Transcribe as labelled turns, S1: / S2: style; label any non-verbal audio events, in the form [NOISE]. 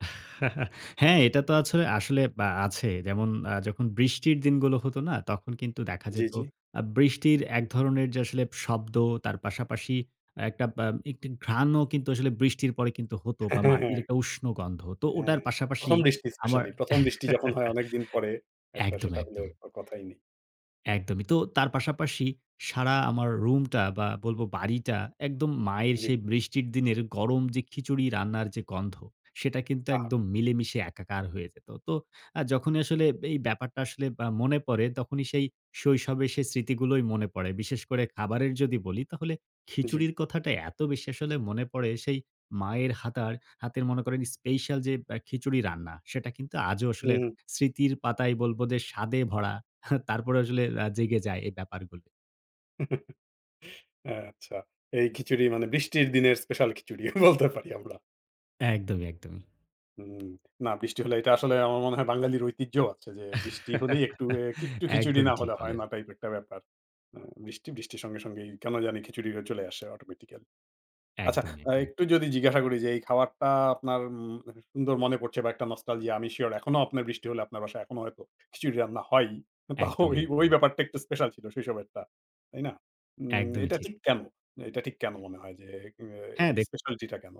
S1: [CHUCKLES] হ্যাঁ, এটা তো আছো আসলে অ্যা আছে। যেমন আ যখন বৃষ্টির দিনগুলো হতো না? তখন কিন্তু দেখা
S2: জি,
S1: যেত
S2: জি।
S1: আ বৃষ্টির এক ধরনের যে আসলে শব্দ তার পাশাপাশি একটা বা একটি ঘ্রাণও কিন্তু আসলে বৃষ্টির পরে কিন্তু হতো বা
S2: [CHUCKLES]
S1: মাটির
S2: হ্যাঁ।
S1: একটা উষ্ণ গন্ধ। তো
S2: হ্যাঁ,
S1: ওটার পাশাপাশি
S2: ১ম বৃষ্টি
S1: আমার
S2: স্পেশালি। প্রথম বৃষ্টি যখন হয় অনেকদিন পরে
S1: [CHUCKLES]
S2: একটা,
S1: একদম,
S2: সেটা হলে
S1: একদম
S2: আর কথাই নেই।
S1: একদমই। তো তার পাশাপাশি সারা আমার রুমটা বা বলবো বাড়িটা একদম মায়ের
S2: জি।
S1: সেই বৃষ্টির দিনের গরম যে খিচুড়ি রান্নার যে গন্ধ, সেটা কিন্তু
S2: আহা!
S1: একদম মিলেমিশে একাকার হয়ে যেত। তো আ যখনই আসলে এই ব্যাপারটা আসলে আ মনে পড়ে, তখনই সেই শৈশবে সে স্মৃতিগুলোই মনে পড়ে। বিশেষ করে খাবারের যদি বলি, তাহলে
S2: জ্বী।
S1: খিচুড়ির কথাটা এত বেশি আসলে মনে পড়ে, সেই মায়ের হাতার হাতের মনে করেন স্পেশাল যে অ্যা খিচুড়ি রান্না, সেটা কিন্তু আজও আসলে
S2: হুম।
S1: স্মৃতির পাতায় বলবো যে স্বাদে ভরা। [CHUCKLES] তারপরেও আসলে আ জেগে যায় এই ব্যাপারগুলি।
S2: [CHUCKLES] আচ্ছা। এই খিচুড়ি মানে বৃষ্টির দিনের স্পেশাল খিচুড়ি বলতে পারি আমরা।
S1: একদমই, একদমই।
S2: উম না বৃষ্টি হলে এটা আসলে আমার মনে হয় বাঙালির ঐতিহ্যও আছে যে, বৃষ্টি হলেই একটু এ
S1: [CHUCKLES]
S2: একটু খিচুড়ি
S1: একদম
S2: না
S1: ঠিক
S2: হলে হয়
S1: বললেন।
S2: না টাইপ একটা ব্যাপার। অ্যা বৃষ্টি, বৃষ্টির সঙ্গে সঙ্গেই কেন জানি খিচুড়িটা চলে আসে অটোমেটিক্যালি। আচ্ছা
S1: একদমই,
S2: আ
S1: একদমই।
S2: একটু যদি জিজ্ঞাসা করি যে, এই খাবারটা আপনার উম সুন্দর মনে পড়ছে বা একটা নস্টালজিয়া, আমি সিওর এখনও আপনার বৃষ্টি হলে আপনার বাসায় এখনো হয়তো খিচুড়ি রান্না হয়ই। তো
S1: একদমই,
S2: ওই, ওই
S1: একদমই।
S2: ব্যাপারটা একটু স্পেশাল ছিল শৈশবের টা, তাই না? উম
S1: একদমই
S2: এইটা
S1: ঠিক।
S2: ঠিক কেন এইটা ঠিক কেন মনে হয় যে অ্যা এই
S1: হ্যাঁ, দেখুন।
S2: স্পেশালিটি টা কেন?